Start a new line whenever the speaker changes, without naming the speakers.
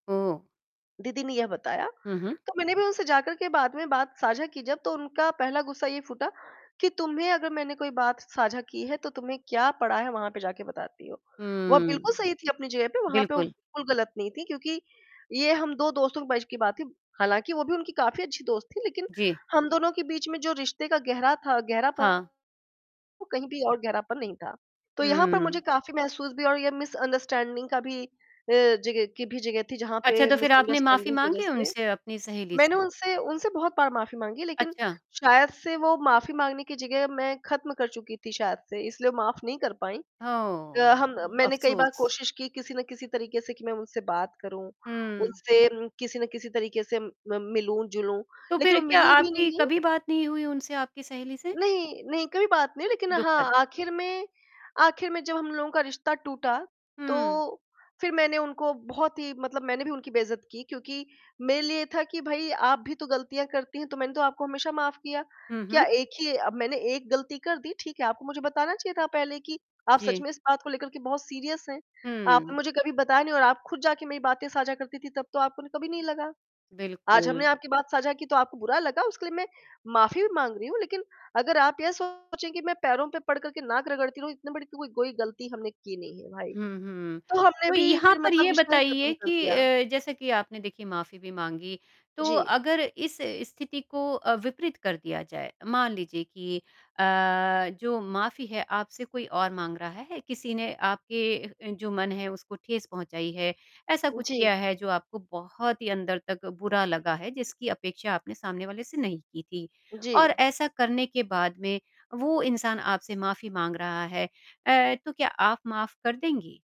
ओह।
दीदी ने यह बताया,
हुँ, हुँ।
तो मैंने भी उनसे जाकर के बाद में बात साझा की जब तो उनका पहला गुस्सा ये फूटा कि तुम्हें अगर मैंने कोई बात साझा की है तो तुम्हें क्या पड़ा है वहाँ पे जाकर बताती हो? वो
हुँ।
बिल्कुल सही थी अपनी जगह पर, वहाँ पे वो
बिल्कुल।
बिल्कुल ग़लत नहीं थी क्योंकि ये हम 2 दोस्तों के बीच की बात थी, हालाँकि वो भी उनकी काफ़ी अच्छी दोस्त थी लेक़िन
जी।
हम दोनों के बीच में जो रिश्ते का गहरा था गहरापन,
हाँ।
वो कहीं भी और गहरापन नहीं था, तो यहाँ पर मुझे
हुँ।
काफ़ी महसूस भी हुआ और यह मिसअंडरस्टैंडिंग का भी अ, जगह की भी जगह थी जहाँ
अच्छा
पे
तो फ़िर आपने माफ़ी
मिसअंडरस्टैंडिंग की वज़ह
माँगी
से
उनसे, अपनी सहेली
मैंने
से?
उनसे उनसे बहुत बार माफ़ी माँगी लेक़िन
अच्छा।
शायद से वो माफ़ी माँगने की जगह मैं ख़त्म कर चुकी थी शायद से इसलिए वो माफ़ नहीं कर पाईं।
ओह!
अ, हम मैंने कई बार
अफ़सोस।
कोशिश की किसी ना किसी तरीक़े से कि मैं उनसे बात करूँ,
हुँ।
उनसे किसी न किसी तरीक़े से म मिलूँ-जुलूँ
तो
लेक़िन
फ़िर
वो
क्या
मिली भी
आपकी
नहीं।
कभी बात नहीं हुई उनसे आपकी सहेली से?
नहीं, नहीं कभी बात नहीं हुई लेक़िन
दुखद।
हाँ, आख़िर में आख़िर में जब हम लोगों का रिश्ता टूटा तो
हुँ।
फ़िर मैंने उनको बहुत ही मतलब मैंने भी उनकी बेइज़्ज़त की क्योंकि मेरे लिए था कि भाई आप भी तो गलतियाँ करती हैं तो मैंने तो आपको हमेशा माफ़ किया।
हुँ,
क्या
हुँ।
एक ही अब मैंने एक ग़लती कर दी, ठीक है, आपको मुझे बताना चाहिए था पहले कि आप सच
जी।
में इस बात को लेकर के बहुत सीरियस हैं, आपने
हुँ।
मुझे कभी बताया नहीं और आप ख़ुद जाके मेरी बातें साझा करती थीं तब तो आपको कभी नहीं लगा। आज हमने
बिल्कुल।
आपकी बात साझा की तो आपको बुरा लगा, उसके लिए मैं माफ़ी भी माँग रही हूँ लेक़िन अगर आप ये सोचें कि मैं पैरों पे पड़कर के नाक रगड़ती रहूँ, इतनी बड़ी कोई कोई ग़लती हमने की नहीं है भाई।
हुँ, हुँ।
तो हमने
तो
भी
यहाँ
फ़िर
पर
मतलब
ये
रिश्ता ही ख़त्म
बताइए
कर
कि
दिया।
अ, जैसा कि आपने देखी माफ़ी भी माँगी, तो
जी।
अगर इस स्थिति को अ, विपरीत कर दिया जाए, मान लीजिए कि अ, जो माफ़ी है आपसे कोई और माँग रहा है, किसी ने आपके जो मन है उसको ठेस पहुँचाई है, ऐसा कुछ
जी।
किया है जो आपको बहुत ही अंदर तक बुरा लगा है, जिसकी अपेक्षा आपने सामने वाले से नहीं की थी और
जी।
ऐसा करने के बाद में वो इंसान आपसे माफ़ी माँग रहा है अ, तो क्या आप माफ़ कर देंगी?